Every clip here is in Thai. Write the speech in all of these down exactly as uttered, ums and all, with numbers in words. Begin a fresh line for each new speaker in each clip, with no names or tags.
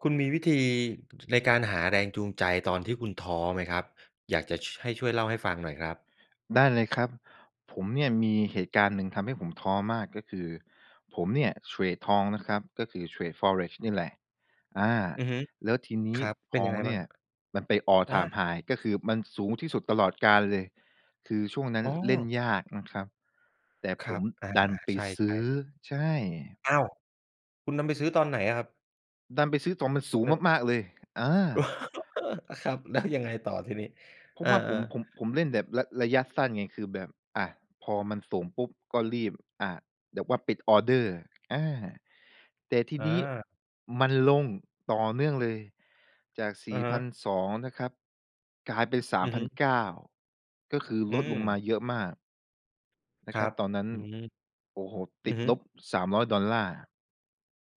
คุณมีวิธี ในการหาแรงจูงใจตอนที่คุณท้อไหมครับ? อยากจะ ช ให้ช่วยเล่าให้ฟังหน่อยครับ
ได้เลยครับ ผมเนี่ยมีเหตุการณ์หนึ่งทำให้ผมท้อมาก ก็คือผมเนี่ยเทรดทองนะครับ ก็คือเทรด Forex นี่แหละ อา
อือฮึ
แล้วทีน
ค
ี้
รับ เป
ท
็น
อ
ยั
ง
งไง
เ
ม
น
ั
ี
่
่
ง?
ยมันไป All
อา
Time High ก็คือมันสูงที่สุดตลอดกาลเลย คือช่วงนั้น
อ๋
เล่น
อ
ยากนะครับ แต่
ค
ผ
รั
ม
บ อา
ดันไป
ๆ ใช
ซื
่
้อ
ๆ
ใช่
อ้าว คุณนำไปซื้อตอนไหนอะครับ?
ดันไปซื้อตรงมันส
ห
ู
ะ
ง
เหน่อะ
มาก ๆ เลย อา
อะครับ แล้วยังไง ต่อ ทีนี้
เพรา
อ
ะว
า
่าผม
ๆ
ผม ผมเล่นแบบระ ระยะสั้นไง คือแบบ อะ พอมันสูงปุ๊บ ก็รีบ อ่า แบบว่าปิดออร์เดอร์ อา แต่ที
อ
นี้
า
มันลงต่อเนื่องเลย จาก ส
อ
ี
ะ
่
ฮ
พ
ะ
ันสอง นะครับ กลายเป็น สา
อ
ม
ือ
พ
ฮ
ั
ึ
นเก้า ก็คือ
อื
ลดลงมา
ม
เยอะมาก น
ค
ะค
ร
ร
ั
ับ
บ
ตอนนั้น
อืม
โอ้โฮ
อ
ต
ื
ิด
อฮ
ล
ึ
บ สามร้อยดอลลาร์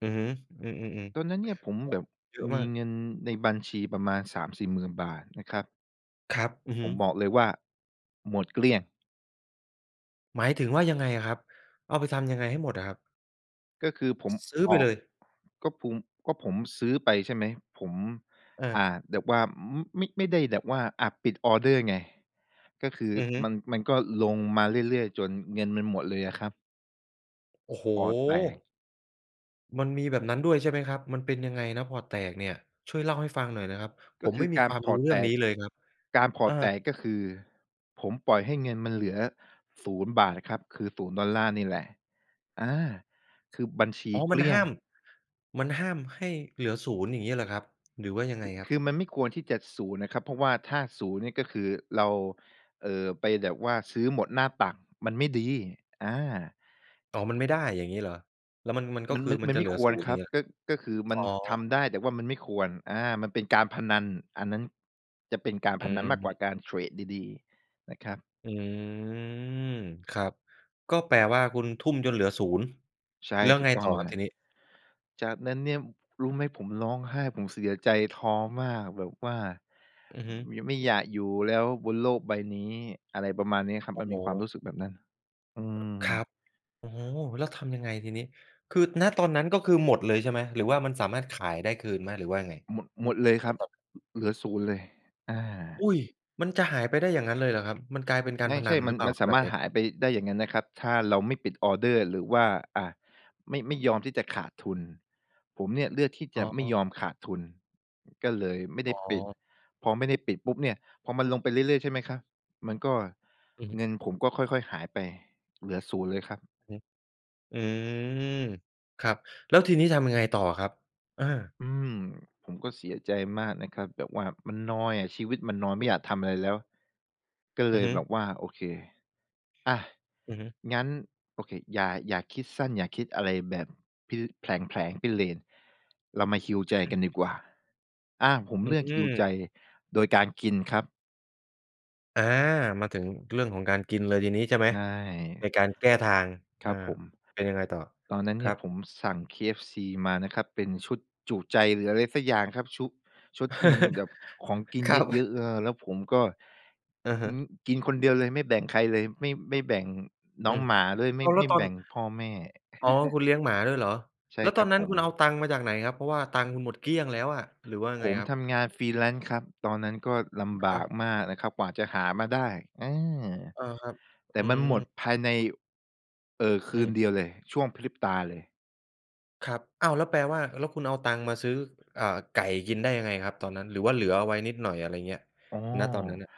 อือฮึ อือ
ตอนน
ๆ
ั้นเนี่ยผม
ๆ โอ้
แบบ
เยอะ
ม
ม
ี
าก
เงินในบัญชีประมาณ สามสี่หมื่น บาท นะครับ
ครับ อือ
ผ
ฮึ
มบอกเลยว่า หมดเกลี้ยง
หมายถึงว่ายังไงอะครับ? เอาไปทำยังไงให้หมดอะครับ?
ก็คือผม
ซื้อ
อ
ไป
อ
เ
ก
ลย
ก็พุง ก็ผมซื้อไป ใช่ไหม ผม อา
เออ
แบบว่าไม่ ไม่ได้แบบว่า อะ ปิดออร์เดอร์ไง ก็คือ
อือฮึ
มัน มันก็ลงมาเรื่อย ๆ จนเงินมันหมดเลยอะครับ
โอ้โฮ!
พอร์ตแตก
มันมีแบบนั้นด้วยใช่ไหมครับ? มันเป็นยังไงนะพอร์ตแตกเนี่ย? ช่วยเล่าให้ฟังหน่อยนะครับ
ก
ผ
็
ม
ค
ไ
ื
ม่
อ
มี
การ
ความ
พ
ร
อ
ู้
ร์ต
เรื
แ
่
ต
องน
ก
ี้เลยครับ
การพอ
อ
ร
า
์ตแตก ก็คือผมปล่อยให้เงินมันเหลือ ศูนย์บาท ครับ คือ ศูนย์ดอลลาร์ นี่แหละ อา คือบัญชี
อ๋อ
เ
ม
ก
ั
ล
น
ี
ห
้ย
้า
ง
ม มันห้ามให้เหลือ ศูนย์ อย่างงี้เหรอครับ? หรือว่ายัง
ค
ไง
ือ
ครั
ค
บ?
ือมันไม่ควรที่จะ ศูนย์ นะครับ เพราะว่าถ้า ศูนย์ นี่ ก็คือเรา เอ่อ ไปแบบว่าซื้อหมดหน้าตัก มันไม่ดี อา
อ๋อ มันไม่ได้อย่างงี้เหรอ? แล้ว มัน มัน ก็
มัน
คื
ม
อ
ัน
มั
ม
น
ัน
จะ
ไม
เห
่
ลือ
คว
ศู
ร
นย์
ค
อย
ร
่า
ั
ง
บ
เงี้ย
ก็ ก็คือม
อ
ั
๋อ
นทำได้ แต่ว่ามันไม่ควร อา มันเป็นการพนัน อันนั้นจะเป็นการ
อ
พ
ื
นันมากกว่า
ม
การเทรดดี ๆ นะครับ
อืม ครับ ก็แปลว่าคุณทุ่มจนเหลือ ศูนย์
ใช่
แล้ว
ถู
ไง
กต้อ
ต่
ง
อคร
เล
ับท
ย
ีนี้?
จากนั้นเนี่ย รู้ไหม ผมร้องไห้ ผมเสียใจ ท้อมาก แบบว่า
อือฮึ
ย ไม่อยากอยู่แล้วบนโลกใบนี้ อะไรประมาณนี้ครับ
โอ้
มัน
โ
มีควา
ฮ!
มรู้สึกแบบนั้น อืม
ครับ โอ้โฮ! แล้วทำยังไงทีนี้? คือ ณ ตอนนั้นก็คือหมดเลยใช่ไหม? หรือว่ามันสามารถขายได้คืนไหม? หรือว่ายังไง?
หมด หมดเลยค
ณ
รับ
ตอนนั้น
เหลือ ศูนย์ เลย อา
อุ๊ย! มันจะหายไปได้อย่างนั้นเลยเหรอครับ? มันกลายเป็นกา
ไม
ร
่
พ
ใช
นั
่
น
ม
ห
ั
รื
น
อเปล่
ม
า
ัน
คร
ส
ับ
า
แบ
ม
บ
ารถ
นี้?
หายไปได้อย่างงั้นนะครับ ถ้าเราไม่ปิดออร์เดอร์ หรือว่า อะ ไม่ ไม่ยอมที่จะขาดทุน ผมเนี่ยเลือกที่จ
อ
ะ
๋
ไม่ย
อ
อมขาดทุน ก็เลยไม่ได
อ
้
๋
ปิด
อ
พอไม่ได้ปิดปุ๊บเนี่ย พอมันลงไปเรื่อย ๆ ใช่ไหมครับ มันก็
อือฮึ
เงินผมก็ค่อย ๆ หายไป เหลือ ศูนย์ เลยครับ
อือ อืม ครับ แล้วทีนี้ทำยังไงต่ออะครับ? อา
อืม ผมก็เสียใจมากนะครับ แบบว่ามันนอยอะ ชีวิตมันนอย ไม่อยากทำอะไรแล้ว ก็เ
อ
ล
ือ
ย
ฮึ
แบบว่า โอเค อะ
อือฮึ
งั้น โอเค อย่า อย่าคิดสั้น อย่าคิดอะไรแบบ พิ แผลง ๆ พิเรนทร์ เรามา heal ใจกันดีกว่า อา ผม
อื
เลือก heal ใจ
ม
โดยการกินครับ
อา มาถึงเรื่องของการกินเลยทีนี้ใช่ไหม
ได
ใน
้
การแก้ทาง
ค
อ
ร
า
ับผม
เป็นยังไงต่อ
ตอนนั้น
ค
เน
ร
ี่
ั
ย
บ?
ผมสั่ง KFC มานะครับ เป็นชุดจุใจหรืออะไรสักอย่างครับ ชุ ชุดที่มันแบบของกิน
คร
เ
ับ
ยอะ ๆ เออ แล้วผมก็
อะฮ
อื
ะ
ม กินคนเดียวเลยไม่แบ่งใครเลย ไม่ ไม่แบ่งน
อ
้
ื
อง
ม
หมาด้วย ไม
อ้
่
าว แล
ไ
้
ม
ว
่
ตอ
แบ
น
่งพ่อแม่
อ๋อ คุณเลี้ยงหมาด้วยเหรอ
ใช
แ
่
ล้ว
ค
ตอ
รั
น
บ
นั้
ผ
นคุณเอา
ม
ตังค์มาจากไหนครับ เพราะว่าตังค์หมดเกลี้ยงแล้วอะ หรือว่ายัง
ผ
ไง
ม
ครับ?
ทำงาน Freelance ครับ ตอนนั้นก็ลำบ
อ
าก
ะ
มากนะครับกว่าจะหามาได้ เออ
อา ครับ
แต
อ
่
ื
มันหมด
ม
ภายใน เออ ค
อ
ืน
ืม
เดียวเลย ช่วงพริบตาเลย
ครับ อ้าว แล้วแปลว่า แล้วคุณเอาตังค์มาซื้อ อ่า ไก่กินได้ยังไงครับตอนนั้น หรือว่าเหลือเอาไว้นิดหน่อย อะไรอย่างเงี้ย
อ๋อ
ณ ตอนนั้นน่ะ?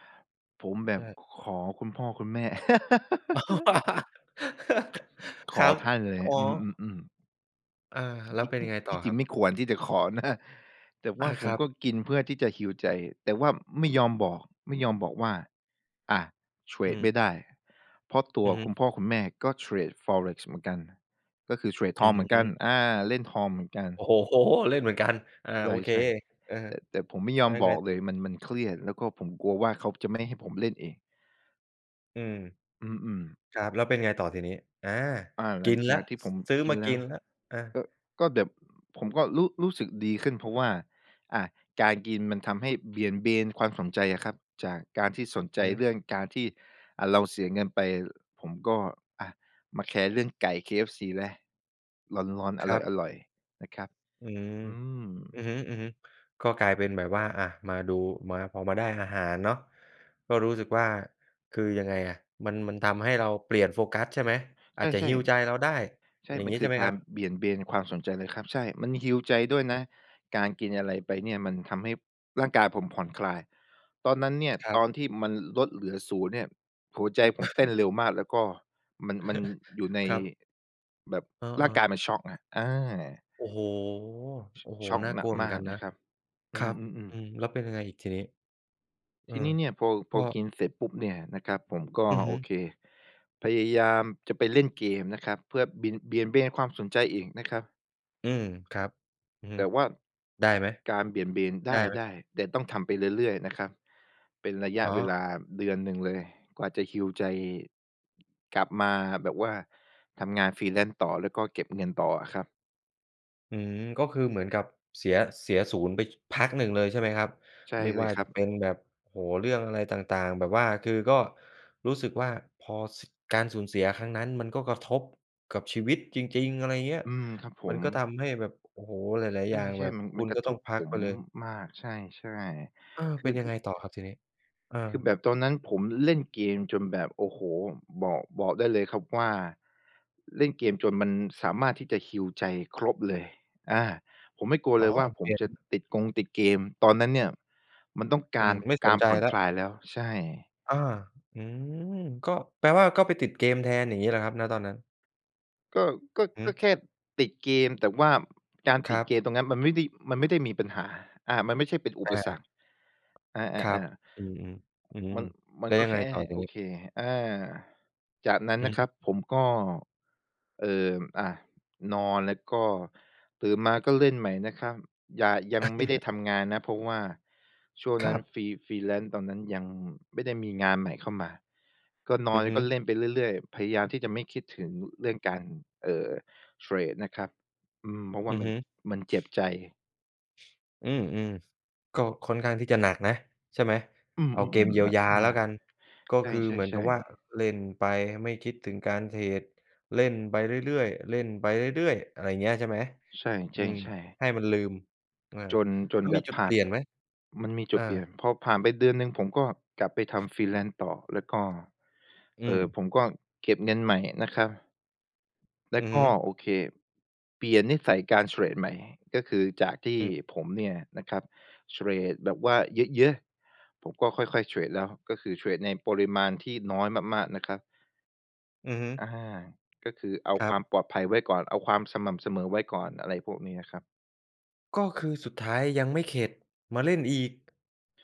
ผมแบ
ใ
บ
ช่
ขอคุณพ่อคุณแม่ ข
คร
อ
ับ
ท่านเลย
อ๋อ
อือ ๆ ๆ
อา แล้วเป็นยังไง
ท
ต่
ี
อ
่จร
ค
ิ
ร
ง
ับ?
ไม่ควรที่จะขอนะ แต่ว
อ
่
า
าผ
คร
ม
ั
ก็
บ
กินเพื่อที่จะ heal ใจ แต่ว่าไม่ยอมบอก ไม่ยอมบอกว่า อะ เทร
อื
ดไ
ม
ม่ได้ เพราะตั
อื
ว
อฮ
ค
ึ
ุณพ่อคุณแม่ก็เทรด Forex เหมือนกัน ก็คือเทรดท
อื
องเหมือนกัน
ม
อา เล่นทองเหมือนกัน
โอ้โฮ เล่นเหมือนกัน อา
ใ
โอเค
ช่
เออ
ๆ แต่ แต่ผมไม่ยอ
แล้
ม
ว
บ
ไง
อก
ต
เ
่
ลย
อ?
มัน มันเครียด แล้วก็ผมกลัวว่าเขาจะไม่
อืม
ให้ผมเล่นเอง
อือ
อือ ๆ
ครับ แล้วเป็นไงต่อทีนี้? อา
อา ห
ก
ลั
ิ
ง
นแ
จ
ล้
า
ว
กที่ผ
ซ
ม
ซื้อ
กิ
ม
น
า
แล
ก
้
ิ
ว
นแล้ว อา
ก็ ก็แบบ ผมก็รู้ รู้สึกดีขึ้น เพราะว่า อ่า การกินมันทำให้เบี่ยงเบนความสนใจอะครับ จากการที่สนใ
อ
จ
ือฮึ
เรื่องการที่ อะ เราเสียเงินไป ผมก็ อะ มาแคร์เรื่องไก่เคเอฟซีแล้ว ร้อน ๆ
ครับ
อร่อย ๆ นะครับ
อืม
อืม
อือฮึ ๆ ก็กลายเป็นแบบว่า อะ มาดู มา พอมาได้อาหารเนาะ ก็รู้สึกว่า คือยังไงอะ มัน มันทำให้เราเปลี่ยนโฟกัส ใช่ไหม? อ
ใช
าจจะ
่
heal ใจเราได้
ๆ ใช่
อย่าง
มั
ง
น
ี้
ค
ใ
ื
ช่
อ
ไหม
ก
ค
า
รั
ร
บ?
เบี่ยงเบนความสนใจเลยครับ ใช่ มัน heal ใจด้วยน
อือ
ะ การกินอะไรไปเนี่ยมันทำให้ร่างกายผมผ่อนคลาย ตอนนั้นเนี่ย
ครั
ต
บ
อนที่มันลดเหลือ ศูนย์ เนี่ยหัวใจผ
อ
ม
ะ
เ
ฮ
ต้
ะ
นเร็วมาก แล้วก็มัน มันอยู่ใน
ครับ
แบบ
เออ
ร่างกาย
ๆ
มันช็อกอะ อา
โอ้โฮ
ช
โอ้โฮ
ช็อก
น่า
หน
กล
ัก
ัวเหมื
ม
อน
า
กั
ก
น
น
นะ
ะครับ อ
ค
ื
รับ
ม
อื
ๆ ๆ
ม แล้วเป็นยังไงอีกทีนี้? เอ
ท
อ
ีนี้เนี่ย พอ
ก
พ
็
อกินเสร็จปุ๊บเนี่ยนะครับ ผมก็
อือฮ
โอ
ึ
เค พยายามจะไปเล่นเกมนะครับ เพื่อบิ่น เบี่ยงเบนความสนใจอีกนะครับ
อืม ครับ อือฮึ
แต่ว่า
ได้ไหม?
การเบี่ยงเบน ไ
ไ
ด
ด้ไหม?
้ ๆ แต่ต้องทำไปเรื่อย ๆ นะครับ เป็นระย
อ
ะ
๋
เวล
อ
าเดือนหนึ่งเลย กว่าจะ heal ใจ กลับมาแบบว่าทำงาน freelance ต่อ แล้วก็เก็บเงินต่ออะครับ
อืม ก็คือเหมือนกับเสีย เสียศูนย์ไป ช พักหนึ่งเลยใช่ไหมครับ
ใช่
ไม่
เล
ว
ย
่า
คร
จ
ั
ะ
บ
เป็นแบบ โอ้โฮ เรื่องอะไรต่าง ๆ แบบว่าคือก็รู้สึกว่า พอ ส การสูญเสียครั้งนั้นมันก็กระทบกับชีวิตจริง ๆ อะไรเงี้ย
อืม ครับผ
มัน
ม
ก็ทำให้แบบ โอ้โฮ หลาย
ใ
ๆ อย่าง
ช
แ
่
บบ
ๆ มัน
ค
ม
ุ
ัน
ณ
กร
ก็
ะท
ต้อง
บ
พั
ผ
กไ
ม
ปเลย
มาก ใช่
อา
ๆ ค
เ
ื
ป
อ
็นยั
คื
งไ
อ
งต่อครับ ทีนี้? เออ
คือแบบตอนนั้นผมเล่นเกมจนแบบ โอ้โฮ บอก บอกได้เลยครับว่า เล่นเกมจนมันสามารถที่จะ heal ใจครบเลย อา ผมไม่กลัว
อ๋
เ
อ
ลยว่า ผ
เก
มจะ
ม
ติดกงติดเกม ตอนนั้นเนี่ยมันต้องก
อื
าร
อ ไม่
ก
ส
า
น
ร
ใจ
ผ่อน
แล้
ค
ว
ลายแล้ว ใช่
อา อืม ก็ แปลว่า ก็ไปติดเกมแทน อย่างงี้เหรอครับ? ณ ตอนนั้น
ก็ ก็
อือฮ
ก็
ึ
แค่ติดเกม แต่ว่า การ
ค
ติ
ร
ด
ั
เก
บ
มตรงนั้น มันไม่ได้ มันไม่ได้มีปัญหา อา มันไม่ใช่เป็นอุ
อ
ปสร
า
รค อ
ครับ
า ๆ ๆ
อืม ๆ อืม
มัน มั
แล
น
้ว
ก็
ยัง
แ
ไ
ค
ง
่
ต่อที
โอ
นี้?
เค อา จากนั้น
อื
น
อ
ะค
ฮ
รั
ึ
บผมก็ เอ่อ อะ นอนแล้วก็ตื่นมาก็เล่นใหม่นะครับ หย่า ยังไม่ได้ทำงานนะ เพราะว่าช่วง
ค
นั
ร
้น
ับ
free freelance ตอนนั้นยังไม่ได้มีงานใหม่เข้ามา ก็น
อ
อ
ื
น
อ
แล้
ฮ
วก็
ึ
เล่นไปเรื่อย ๆ พยายามที่จะไม่คิดถึงเรื่องการ เอ่อ เทรดนะครับ อืม เพราะว่
อ
า
ือ
มั
ฮ
น
ึ
มันเจ็บใจ
อืม ๆ ก็ค่อนข้างที่จะหนักนะ ใช่ไหม?
อือ
เอาเกม
ๆ ๆ แบ
เยี
บ
ย
น
ว
ะ
ยา
หน
แล้
ั
ว
ก
กัน ก็
ใ
คือเหมือน
ช
กับ
่
ว่
ๆ
า
ๆ
เล่นไป ไม่คิดถึงการเทรด เล่นไปเรื่อย ๆ เล่นไปเรื่อย ๆ อะไรอย่างเงี้ย ใช่ไหม?
ใช่
อ
จ
ื
ริง
ม
ใช่
ให้มันลืม เออ
จน จ
แล
น
้ว
แบ
มี
บ
จุด
ผ
เ
่
ป
า
ล
น
ี่ยนไหม?
มันมีจ
อ
ุดเปล
า
ี่ยน พอผ่านไปเดือนหนึ่งผมก็กลับไปทำ Freelance ต่อ แล้วก็
อื
เอ่อ
ม
ผมก็เก็บเงินใหม่นะครับ แล้
อื
ว
อ
ก
ฮึ
็ โอเค เปลี่ยนนิสัยการเทรดใหม่ ก็คือจากที่
อืม
ผมเนี่ยนะครับเทรดแบบว่าเยอะ ๆ ผมก็ค่อย ๆ เทรดแล้ว ก็คือเทรดในปริมาณที่น้อยมาก ๆ นะครับ
อือฮึ
อา ก็คือเอา
คร
ค
ั
ว
บ
ามปลอดภัยไว้ก่อน เอาความสม่ำเสมอไว้ก่อน อะไรพวกนี้นะครับ
ก็คือสุดท้ายยังไม่เข็ด มาเล่นอีก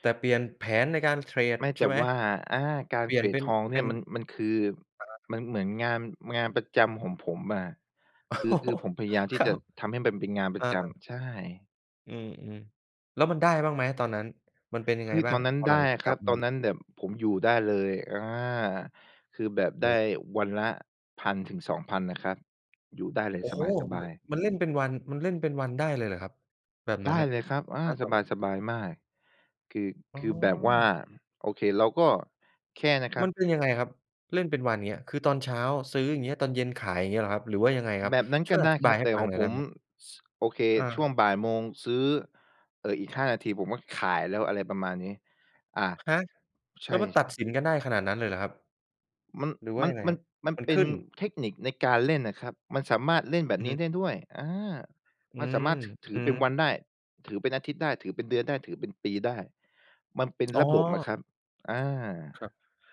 แต่เปลี่ยนแผนในการเทรด
ไม่
ใ
แ
ช
ต่
่ไหม?
ว่า อา กา
เ
ร
ปล
เ
ี
ท
่ยน
ร
เ
ด
ป็
ท
น
องเน
เป
ี
็
่ย
น
มัน มันคือ
อะฮะ
มันเหมือนงาน อือ งานประจำของผมอะ คือ คือผมพยายามที
ค
่
รั
จะ
บ
ทำให้มันเป็นงานปร
อ
ะ
า
จ
ๆ
ำ ใช่
อืม ๆ แล้วมันได้บ้างไหมอะตอนนั้น? มันเป็นยัง
เฮ
ไง
้ย
บ้
ต
า
อ
ง?
นนั้น
พอ
ได
หลั
้
งจ
อ
าก
ะค
ก
ร
ล
ั
ั
บ
บม
ตอ
า
นนั้นแบบผมอยู่ได้เลย อา คือแบบได้วันละ พันถึงสองพัน นะครับ อยู่ได้เลย
โอ้
ส
โฮ ม
บาย ๆ
มันเล่นเป็นวัน มันเล่นเป็นวันได้เลยเหรอครับ? แบบ
ไ
น
ด
ั้น
้
น่ะ
เลยครับ อา
ณ
ส
ตอนนั้น
บาย ๆ มาก คือ
อ๋
คือแบบว่า
อ
โอเค เราก็ แค่นะครั
มั
บ
นเป็นยังไงครับ? เล่นเป็นวัน อย่างเงี้ย คือตอนเช้าซื้อ อย่างเงี้ย ตอนเย็นขาย อย่างเงี้ยเหรอครับ? หรือว่ายังไงครับ?
แบบนั้น
ช่
ก
ว
็
ยอ
ได้
ธิ
ค
บา
รั
ย
บ
ให้
แต่
ฟั
ข
ง
อ
หน
ง
่อยไ
ผ
ด้
ม
ไหม?
ส โอเค
อ
ช่ว
า
งบ่ายโมงซื้อ เอ่อ อีก ห้า นาที ผมก็ขายแล้ว อะไรประมาณนี้ อา
ฮะ?
ใช
แล้วมันตัด
่ ๆ
สินกันได้ขนาดนั้นเลยเหรอครับ?
มัน
หรือว่
ม
า
ัน
ยังไง
ม
ค
ั
ร
น
ับ?
มัน
มัน
เป็
ข
น
ึ้น
เทคนิคในการเล่นน่ะครับ มันสามารถเล่นแบ
อ
บ
ือ
นี
ฮ
้
ึ
ได้ด้วย อา
อื
มันสา
ม
มารถ ถ ถื
อ
อ
ื
เป็
อ
นวันได้ ถือเป็นอาทิตย์ได้ ถือเป็นเดือนได้ ถือเป็นปีได้ มันเป็น
อ๋
ระบบอะ
อ
ครับ อา
ครับ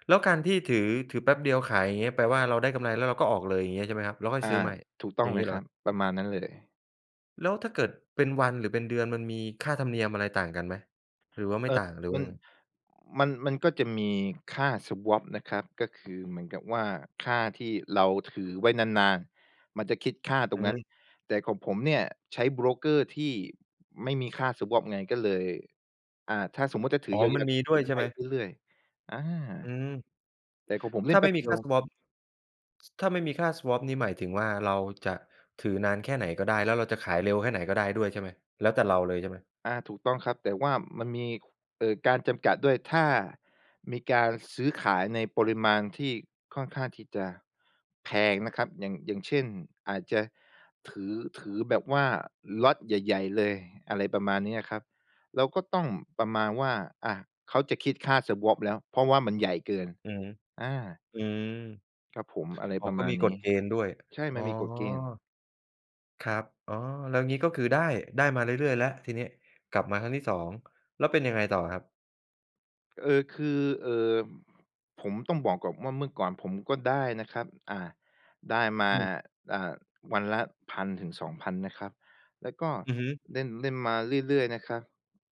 แล้วการที่ถือ ถือแป๊บเดียวขาย อย่างเงี้ย แปลว่า เราได้กำไรแล้วเราก็ออกเลย อย่างเงี้ยใช่ไหมครับ? แล้วค่อ
อ
ย
า
ซื้อใหม่
ถูกต้
อ
อ
ย่
ง
าง
เ
ง
ล
ี้
ย
เ
ค
หร
รั
อ?
บ ประมาณนั้นเลย
แล้วถ้าเกิดเป็นวัน หรือเป็นเดือน มันมีค่าธรรมเนียมอะไรต่างกันไหม? หรือว่าไม
เ
่
อ่อ
ต่าง หรือว
ม
่า
ัน
ไง?
มัน มันก็จะมีค่า swap นะครับ ก็คือเหมือนกับว่า ค่าที่เราถือไว้นาน ๆ มันจะคิดค่าตร
อ
ง
ื
นั้น
อ
แต่ของผมเนี่ย ใช้โบรกเกอร์ที่ไม่มีค่า swap ไง ก็เลย อ่า ถ้าสมมุติจะถื
อ
อ
๋อ
ยา
มัน
ว ๆ
ม
ก็
ี
ถ
ด
ื
้
อ
วย
ได
ใช่
้
ไหม?
เรื่อย ๆ อา
อืม
แต่ของผมเ
ถ
ล่
้
น
า
แป
ไม
๊
่
บ
ม
เ
ี
ดี
ค
ย
่า
ว
swap ถ้าไม่มีค่า swap นี่หมายถึงว่า เราจะถือนานแค่ไหนก็ได้ แล้วเราจะขายเร็วแค่ไหนก็ได้ด้วยใช่ไหม? แล้วแต่เราเลยใช่ไหม?
อา ถูกต้องครับ แต่ว่ามันมี เอ่อ การจำกัดด้วย ถ้ามีการซื้อขายในปริมาณที่ค่อนข้างที่จะแพงนะครับ อย่าง อย่างเช่น อาจจะถือ ถือแบบว่าล็อตใหญ่ ๆ เลย อะไรประมาณเนี้ยครับ เราก็ต้องประมาณว่า อะ เขาจะคิดค่า swap แล้ว เพราะว่ามันใหญ่เกิน
อือฮึ
อา
อือ
ครับผม อะไร
อ๋อ
ประ
ก
ม
็
า
ม
ณ
ี
น
ก
ี้
ฎเกณฑ์ด้วย
ใช่
อ๋
ม
อ
ันมีกฎเกณฑ์
ครับ อ๋อ แล้วงี้ก็คือได้ ได้มาเรื่อย ๆ แล้ว ทีนี้กลับมาครั้งที่ สอง แล้วเป็นยังไงต่อครับ?
เออ คือ เอ่อ ผมต้องบอกก่อนว่า เมื่อก่อนผมก็ได้นะครับ อ่า ได้มา
อืม
อ่า วันละ พันถึงสองพัน นะครับ แล้วก็
อือฮึ
เล่น เล่นมาเรื่อย ๆ นะครับ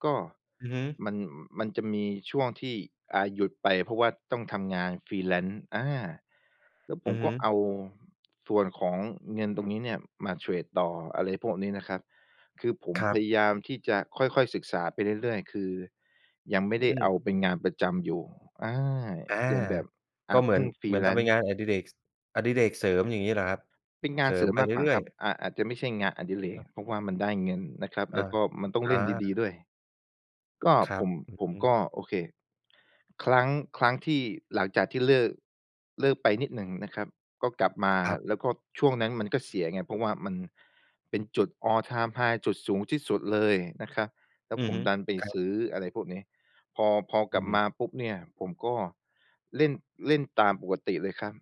ก็
อือฮึ
มัน มันจะมีช่วงที่ อ่า หยุดไป เพราะว่าต้องทำงาน freelance อา แล้วผ
อื
ม
อฮ
ก
ึ
็เอาส่วนของเงินตรงนี้เนี่ยมาเทรดต่อ อะไรพวกนี้นะครับ คือผม
ครั
พ
บ
ยายามที่จะค่อย ๆ ศึกษาไปเรื่อย ๆ คือยังไม่ได
อ
้
ื
เอ
ม
าเป็นงานประจำอยู่ อา
อา
ยังแบบ อ
ก
่า
็เห
เ
ม
พ
ือ
ิ่
น
ง
เหมือนทำเป็น
freelance
งานอดิเรก ส อดิเรกเสริม อย่างงี้เหรอครับ?
เป็นงา
เส
น
ริ
เสร
ม
ิม
ไป
มาก
เ
กว่า
รื่
ค
อ
ร
ย
ับ
ๆ
อ่า อาจจะไม่ใช่งานอดิเรก
อา
เพราะว่ามันได้เงินนะครับ
อ
แล
า
้วก็มันต้อง
อ
เล่นดี
า
ๆ ด้วย ก็
คร
ผ
ับ
ม
อือ
ผม
ฮึ
ก็ โอเค ครั้ง ครั้งที่ หลังจากที่เลิก เลิกไปนิดหนึ่งนะครับ ก็กลับมา
ครับ
แล้วก็ช่วงนั้นมันก็เสียไง เพราะว่ามันเป็นจุด All Time High จุดสูงที่สุดเลยนะครับ แล้
อ
ว
ื
ผ
อ
ม
ฮึ
ดันไป
ครั
ซ
บ
ื้อ อะไรพวกนี้ พอ พอ
อ
ก
ื
ลับม
ม
าปุ๊บเนี่ย ผมก็เล่น เล่นตามปกติเลยครับ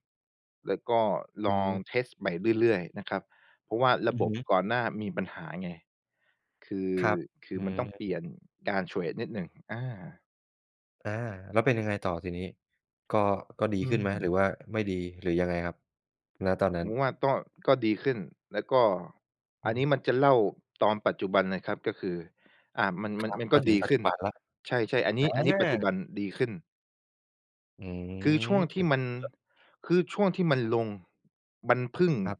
แล้วก็
อื
ลอง
ม
เทสต์ใหม่เรื่อย ๆ นะครับ เพราะว่าร
อ
ะ
ือ
บ
ฮ
บ
ึ
ก่อนหน้ามีปัญหาไง คือ
ครับ
คื
อื
อมันต้องเปล
ม
ี่ยนการเทรดนิดหนึ่ง อา
อา แล้วเป็นยังไงต่อทีนี้ ก็ ก็ดี
อื
ขึ้นไหม? หรื
ม
อว่าไม่ดี หรือยังไงครับ ณ ตอนนั้
ผ
น?
มว่าก็ ก็ดีขึ้น แล้วก็
อ
อ
ื
ันนี้
ม
มันจะเล่าตอนปัจจุบันนะครับ ก็คือ อ่า มัน
ค
มัน
รับ
มันก
ม
็
าถึ
ด
ง
ี
ปั
ข
จจ
ึ้
ุ
น
บันแล้ว
ใช่ ๆ อันน
อ
ี้ อันนี้ปัจจุ
า
บันดีขึ้น
อื
คือช่วงท
ม
ี่มัน
[unintelligible]
คือช่วงที่มันลง มันพึ่ง
ครับ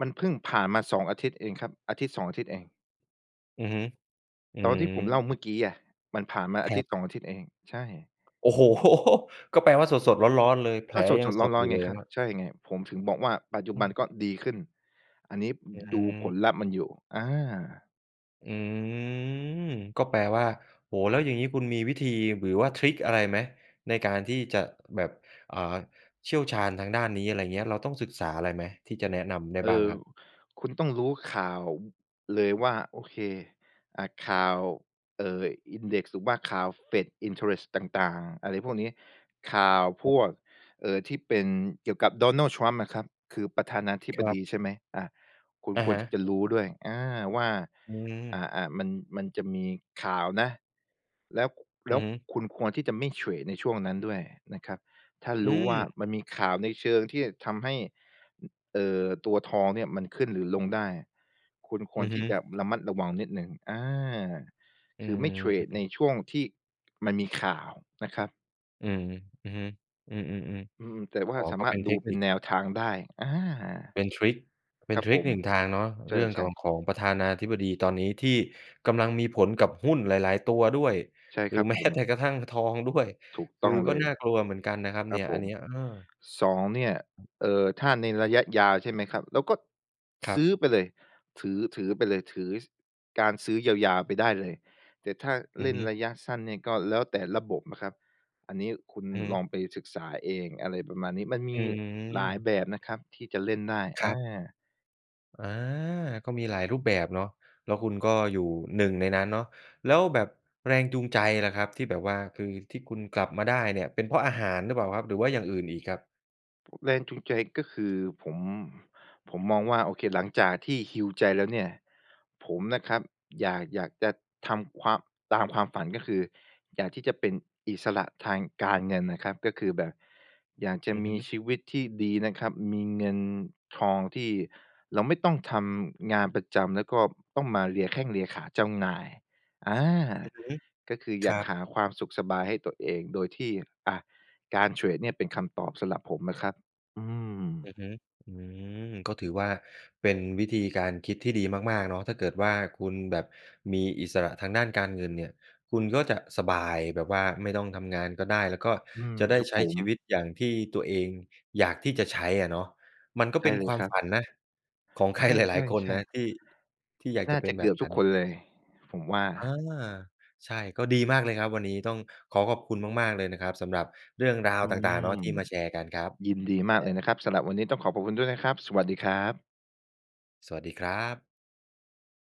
มันพึ่งผ่านมา สอง อาทิตย์เองครับ อาทิตย์สอง อาทิตย์เอง
อือฮึ อื
ตอนที่ผมเล่าเมื่
อ
อกี้อะ มันผ่านมา อ
ค
า
ร
ทิ
ั
ต
บ
ย์สอง อาทิตย์เอง ใช่
โอ้โฮ ก็แปลว่า สด ๆ ร้อน ๆ เลย แผ
ก
ล
็สด
ยัง
ๆ ร
ส
้
ดอ
อ
ย
น
ู่
ๆ ไ
เ
ง
ลย
ครั
เ
บ
นี่ย
ใช่ไง ผมถึงบอกว่าปัจจุ
อื
บัน
ม
ก็ดีขึ้น อันนี้
อ อื
ดูผ
ม
ลลัพธ์มันอยู่ อา
อืม ก็แปลว่า โอ้โฮ แล้วอย่างนี้คุณมีวิธี หรือว่าทริกอะไรไหม? ในการที่จะแบบ อ่า เชี่ยวชาญทางด้านนี้ อะไรอย่างเงี้ย เราต้องศึกษาอะไรไหม ที่จะแนะนำได้
เอ
บ้
่
าง
อ
ครับ?
คุณต้องรู้ข่าว เลยว่า โอเค อ่า ข่าว เอ่อ Index หรือว่าข่าว FED Interest ต่าง ๆ อะไรพวกนี้ ข่าว
ค
พ
รับ
วก เอ่อ ที่เป็นเกี่ยวกับ Donald Trump นะครับ คือประธานาธิบ
ครั
ด
บ
ีใช่ไหม? อ่า คุณ
อะ
คว
ฮ
รที่
ะ
จะรู้ด้วย อา ว่า
อื
อ่
ม
า ๆ มัน มันจะมีข่าวนะ แล้ว แล
อื
้
อ
ว
ฮึ
คุณควรที่จะไม่เทรดในช่วงนั้นด้วยนะครับ ถ้า
อ
รู้ว่า
ืม
มันมีข่าวในเชิงที่ทำให้ เอ่อ ตัวทองเนี่ยมันขึ้นหรือลงได้ คุณค
อื
วร
อฮ
ที
ึ
่จะระมัดระวังนิดหนึ่ง อา
อื
คือไม่เทรดใน
ม
ช่วงที่มันมีข่าวนะครับ
อืม อือฮึ อือ
อื
ๆ
ม แต่ว
ๆ อ
่า
๋อ
สา
ก็
มา
เ
ร
ป็
ถ
นเ
ด
ท
ู
ค
เป
น
็
ิ
น
ค
แนวทางได้ อา
เป็นทริก เป็
ค
น
รับ
ทริ
ผ
ก ห
ม
นึ่ง ทางเนาะ
ใ
เรื่อง
ช
ข
่
อง
ๆ
ของประธานาธิบดีตอนนี้ที่กำลังมีผลกับหุ้นหลาย ๆ ตัวด้วย
ใช่
หร
ค
ื
รั
อ
บ
แม
ผ
้แต่
ม
กระทั่งทองด้วย
ถูก
ค
ต
ื
้อ
อ
ง
ก
เ
็
ลย
น่ากลัวเหมือนกันนะครับ
ค
เ
ร
นี
ับ
่ย
ผ
อัน
ม
เนี้ย เออ
สอง เนี่ย เอ่อ ถ้าในระยะยาวใช่ไหมครับ เราก็
คร
ซ
ับ
ื้อไปเลย ถือ ถือไปเลย ถือ ซ การซื้อยาว ๆ ไปได้เลย แต่ถ้า
อื
เล
อ
่
ฮ
น
ึ
ระยะสั้นเนี่ย ก็แล้วแต่ระบบนะครับ อันนี้คุณ
อือฮึ
ลองไปศึกษาเอง อะไรประมาณนี้ มันม
อื
ีหลาย
ม
แบบนะครับที่จะเล่นได้
ค
อ
รั
า
บ อา ก็มีหลายรูปแบบเนาะ แล้วคุณก็อยู่ หนึ่ง ในนั้นเนาะ แล้วแบบแรงจูงใจล่ะครับที่แบบว่า คือที่คุณกลับมาได้เนี่ย เป็นเพราะอาหารหรือเปล่าครับ หรือว่าอย่างอื่นอีกครับ?
แรงจูงใจก็คือ ผม ผมมองว่า โอเค หลังจากที่ heal ใจแล้วเนี่ย ผมนะครับ อยาก อยากจะทำ ความ ตามความฝัน ก็คืออยากที่จะเป็นอิสระทางการเงินนะครับ ก็คือแบบอยากจะ
อือ
ม
ฮ
ี
ึ
ชีวิตที่ดีนะครับ มีเงินทองที่เราไม่ต้องทำงานประจำ แล้วก็ต้องมาเลียแข้งเลียขาเจ้านาย อา
อือฮึ
ก็คืออ
ค
ย
ร
าก
ั
ห
บ
าความสุขสบายให้ตัวเอง โดยที่ อ่า การเทรดเนี่ยเป็นคำตอบสำหรับผมนะครับ อื
อื
ม
อฮึ อืม ก็ถือว่าเป็นวิธีการคิดที่ดีมาก ๆ เนาะ ถ้าเกิดว่าคุณแบบมีอิสระทางด้านการเงินเนี่ย คุณก็จะสบายแบบว่าไม่ต้องทำงานก็ได้ แล้วก็
อืม
จะได
ค
้
รับ
ใช
ผ
้ช
ม
ีวิตอย่างที่ตัวเองอยากที่จะใช้อะเนาะ มันก็
ใช
เ
่
ป็น
เล
ค
ย
วา
ค
ม
รั
ฝ
บ
ันนะ ของใค
ใ
รหลาย ๆ คน
ช
น
่
ะ
ๆ ๆ
ที่ ที่อยาก
น่
จะ
า
เป
จ
็
ะ
นแ
เ
บ
กื
บ
อบ
น
ทุ
ั้
ก
น
คนเลย ผมว่า
อา ใช่ ก็ดีมากเลยครับวันนี้ ต้องขอขอบคุณมาก ๆ เลยนะครับสำหรับเรื่องรา
อ
ว
ื
ต่าง ๆ เ
ม
นาะ ที่มาแชร์กันครับ
ยินดีมาก
อ
เลย
า
นะครับ สำหรับวันนี้ต้องขอบพระคุณด้วยนะครับ สวัสดีครับ
สวัสดีครับ